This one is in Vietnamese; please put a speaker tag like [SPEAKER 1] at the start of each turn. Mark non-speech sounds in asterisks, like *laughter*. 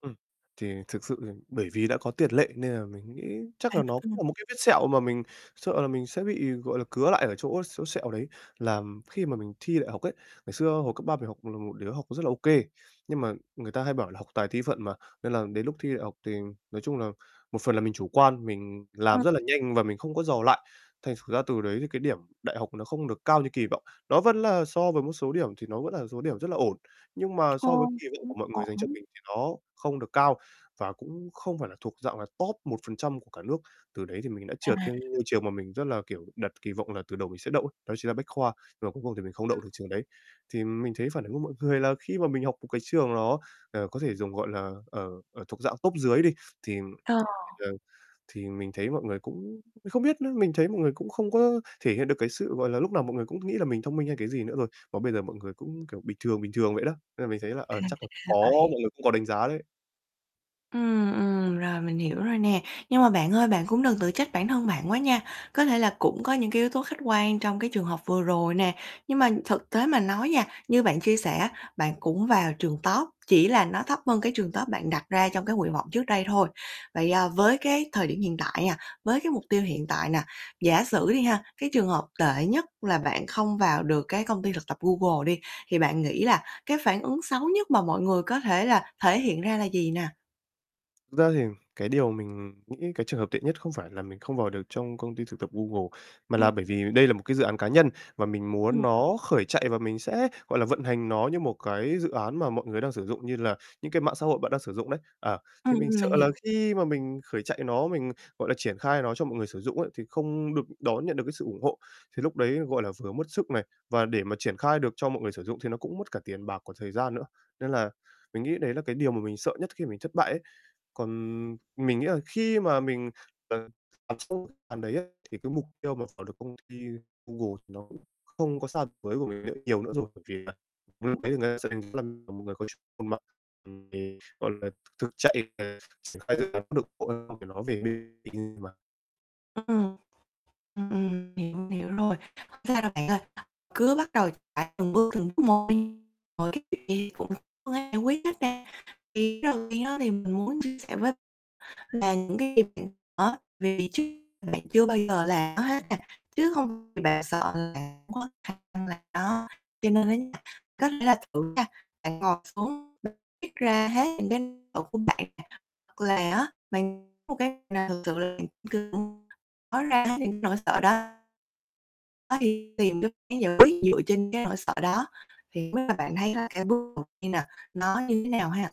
[SPEAKER 1] Ừm. Thì thực sự thì bởi vì đã có tiền lệ nên là mình nghĩ chắc là nó cũng
[SPEAKER 2] *unintelligible*
[SPEAKER 1] là một cái vết sẹo mà mình sợ là mình sẽ bị, gọi là, cứa lại ở chỗ chỗ sẹo đấy, là khi mà mình thi đại học ấy, ngày xưa hồi cấp 3 mình học là một đứa học rất là ô kê. Nhưng mà người ta hay bảo là "học tài thi phận" mà, nên là đến lúc thi đại học thì nói chung là một phần là mình chủ quan, mình
[SPEAKER 2] Ờ.
[SPEAKER 1] làm rất là nhanh và mình không có dò lại. Thành thử ra từ đấy thì cái điểm đại học nó không được cao như kỳ vọng. Nó vẫn là so với một số điểm thì nó vẫn là số điểm rất là ổn. Nhưng mà so với
[SPEAKER 2] Ô,
[SPEAKER 1] kỳ vọng
[SPEAKER 2] cũng
[SPEAKER 1] của mọi người dành cho
[SPEAKER 2] ổn.
[SPEAKER 1] mình thì nó không được cao và cũng không phải là thuộc dạng là top 1% của cả nước. Từ đấy thì mình đã
[SPEAKER 2] À.
[SPEAKER 1] trượt cái ngôi trường mà mình rất là, kiểu, đặt kỳ vọng là từ đầu mình sẽ đậu, đó chính là Bách Khoa, mà cuối cùng thì mình không đậu
[SPEAKER 2] Ừm.
[SPEAKER 1] được trường đấy. Thì mình thấy phản ứng của mọi người là khi mà mình học một cái trường nó, ờ, có thể dùng, gọi là, ờ, ở thuộc dạng top dưới đi, thì,
[SPEAKER 2] Ờ.
[SPEAKER 1] thì, ờ, thì mình thấy mọi người cũng không biết nữa, mình thấy mọi người cũng không có thể hiện được cái sự, gọi là, lúc nào mọi người cũng nghĩ là mình thông minh hay cái gì nữa rồi. Mà bây giờ mọi người cũng, kiểu, bình thường, bình thường vậy đó. Nên là mình thấy là,
[SPEAKER 2] À,
[SPEAKER 1] ờ,
[SPEAKER 2] ra
[SPEAKER 1] chắc là
[SPEAKER 2] là
[SPEAKER 1] có,
[SPEAKER 2] vậy.
[SPEAKER 1] mọi người cũng có đánh giá đấy.
[SPEAKER 2] Ừm, ừm, rồi mình hiểu rồi nè. Nhưng mà bạn ơi bạn cũng đừng tự trách bản thân bạn quá nha, có thể là cũng có những cái yếu tố khách quan trong cái trường hợp vừa rồi nè, nhưng mà thực tế mà nói nha, như bạn chia sẻ á bạn cũng vào trường top, chỉ là nó thấp hơn cái trường top bạn đặt ra trong cái nguyện vọng trước đây thôi. Vậy, à, với cái thời điểm hiện tại nè, với cái mục tiêu hiện tại nè, giả sử đi ha, cái trường hợp tệ nhất là bạn không vào được cái công ty thực tập Google đi thì bạn nghĩ là cái phản ứng xấu nhất mà mọi người có thể là thể hiện ra là gì nè?
[SPEAKER 1] Thực ra thì cái điều mình nghĩ cái trường hợp tệ nhất không phải là mình không vào được trong công ty thực tập Google, mà là
[SPEAKER 2] Ừm.
[SPEAKER 1] bởi vì đây là một cái dự án cá nhân và mình muốn
[SPEAKER 2] Ừm.
[SPEAKER 1] nó khởi chạy và mình sẽ, gọi là, vận hành nó như một cái dự án mà mọi người đang sử dụng như là những cái mạng xã hội bạn đang sử dụng đấy, à. Thì
[SPEAKER 2] Ừm,
[SPEAKER 1] mình sợ
[SPEAKER 2] mình hiểu.
[SPEAKER 1] là khi mà mình khởi chạy nó, mình, gọi là, triển khai nó cho mọi người sử dụng ấy, thì không được đón nhận được cái sự ủng hộ. Thì lúc đấy, gọi là, vừa mất sức này, và để mà triển khai được cho mọi người sử dụng thì nó cũng mất cả tiền bạc, còn thời gian nữa. Nên là mình nghĩ đấy là cái điều mà mình sợ nhất khi mình thất bại ấy. Còn mình nghĩ là khi mà mình, ờ, *unintelligible* đấy ấy thì cái mục tiêu mà vào được công ty Google thì nó cũng không có xa với của mình nữa nhiều nữa rồi bởi vì là *unintelligible* mọi người có chút *unintelligible* gọi là, th thực chạy về triển khai dự án được *unintelligible* về *unintelligible* mà.
[SPEAKER 2] Ừm, ừm, hiểu, hiểu rồi. Không sao đâu bạn ơi, cứ bắt đầu chạy từng bước từng bước một đi, rồi kiểu gì cũng có phương án giải quyết hết *unintelligible* thì ý đầu tiên á thì mình muốn chia sẻ với là những cái *unintelligible* vì *unintelligible* bạn chưa bao giờ là làm nó hết nè, chứ hông vì bạn sợ là không có khả năng làm nó, cho nên á nha có thể là thử nha, bạn ngồi xuống *unintelligible* viết ra hết những cái tủ của bạn nè hoặc là á bạn một cái là thật sự là bạn *unintelligible* nói ra những nỗi sợ đó. Có đi tìm cái phương án giải quyết dựa trên cái nỗi sợ đó, thì không biết là bạn thấy là cái bước đầu tiên nè nó như thế nào ha?